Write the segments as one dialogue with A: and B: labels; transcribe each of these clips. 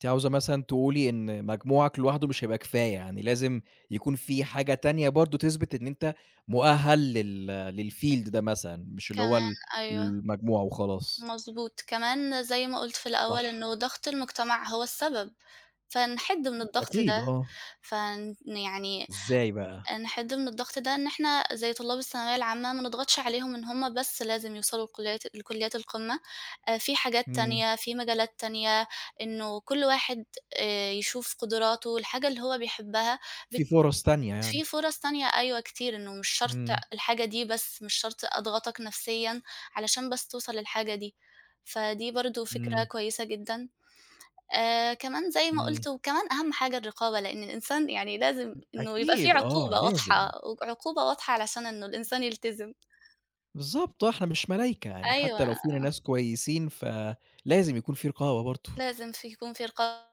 A: أنتِ عاوزة مثلًا تقولي إن مجموعك لوحده مش هيبقى كفاية، يعني لازم يكون في حاجة تانية برضه تثبِت إن أنت مؤهَّل لل للfield ده مثلًا، مش اللي هو
B: كمان،
A: ال
B: أيوة.
A: المجموع وخلاص.
B: مضبوط. كمان، زي ما قُلت في الأول،
A: صح.
B: إنه ضغْط المجتمَع هو السبب، فنحِد من الضغط
A: أكيد،
B: ده.
A: آه.
B: فن يعني،
A: إزاي بقى؟
B: نحِد من الضغط ده إن إحنا، زي طُلّاب الثانوية العامة، ما نضغَطش عليهم إن هُم بس لازم يوصَلوا لكُلّيات لكُلّيات القمّة. آآ، في حاجات
A: إمم.
B: تانية، في مجالات تانية، إنّه كلّ واحد آآ يشوف قدراته، الحاجة اللي هو بيحبّها،
A: في
B: بت
A: فُرَص تانية
B: في
A: يعني.
B: فُرص تانية أيوه كتير، إن مش شرْط
A: إمم.
B: الحاجة دي بس، مش شرْط أضغطَك نفسيًا علشان بس توصَل للحاجة دي. فدي برضه فكرة
A: إمم.
B: كويسة جدًا. آآ، كمان زي ما
A: إمم.
B: قُلت، وكمان أهم حاجة الرقابة، لأن الإنسان يعني لازم
A: أ
B: إنّه يبقى فيه
A: أكيد، آه،
B: عقوبة واضحة، ع
A: لازم.
B: عقوبة واضحة علشان إنّه الإنسان يلتزِم.
A: بالضبط آه، إحنا مش ملايكة يعني، حتى لو
B: أيوه.
A: فينا ناس كويسين فلازم يكون فيه رقابة برضه.
B: لازم في، يكون في رقابة،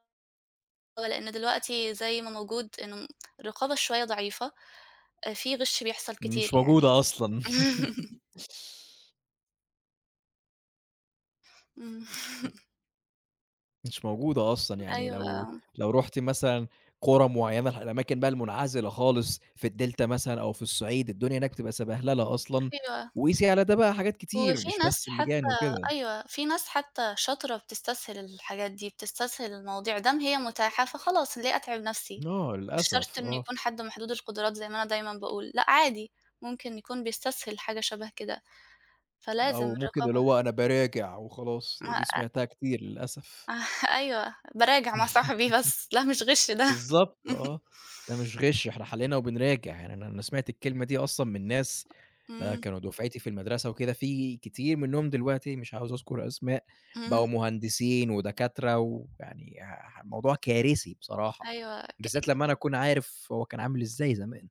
B: لأن دلوقتي زي ما موجود إن الرقابة شوية ضعيفة، أ في غِش بيحصَل
A: مش
B: كتير يعني.
A: موجودة أصلًا.
B: إمم.
A: [unintelligible] مش موجودة أصلًا، يعني
B: أيوه،
A: لو
B: آه.
A: لو رُحتِ مثلًا قُرى معيّنة، الأماكن بقى المنعزِلة خالص في الدلتا مثلًا أو في الصِّعيد، الدنيا هناك بتبقى سَبَهللة أصلًا،
B: أيوة.
A: وقيسي على ده بقى حاجات كتير،
B: وفي
A: مش بس
B: ناس
A: اللِّجان
B: حتى
A: وكده.
B: أيوه، في ناس حتى شاطرة بتستسهل الحاجات دي، بتستسهل المواضيع، ما دام هي مُتاحة فخلاص ليه أتعِب نَفسي،
A: آه،
B: مش شرط
A: للأسف،
B: إن
A: آه.
B: يكون حَد محدود القُدرات زي ما أنا دايمًا باقول، لأ عادي، ممكن يكون بيستسهل حاجة شبَه كده، فلازم
A: أو ممكن اللي
B: الرقابة
A: هو أنا باراجع وخلاص،
B: ما
A: دي
B: آآ
A: سمَعتها كتير للأسف.
B: أيوة، باراجع مع صاحبي بس، لا مش غِش ده.
A: بالضبط، آه. ده مش غِش، إحنا حلّينا وبنراجع، يعني أنا أنا سمعت الكلمة دي أصلًا من ناس آآ
B: إمم.
A: كانوا دُفعتي في المدرسة وكده، في كتير منهم دلوقتي، مش عاوز أذكُر أسماء، بقوا
B: إمم.
A: مهندسين ودكاترة، ويعني آآ الموضوع كارثي بصراحة،
B: أيوه، ك
A: بالذات لمّا أنا
B: أكيد.
A: أكون عارف هو كان عامل إزاي زمان.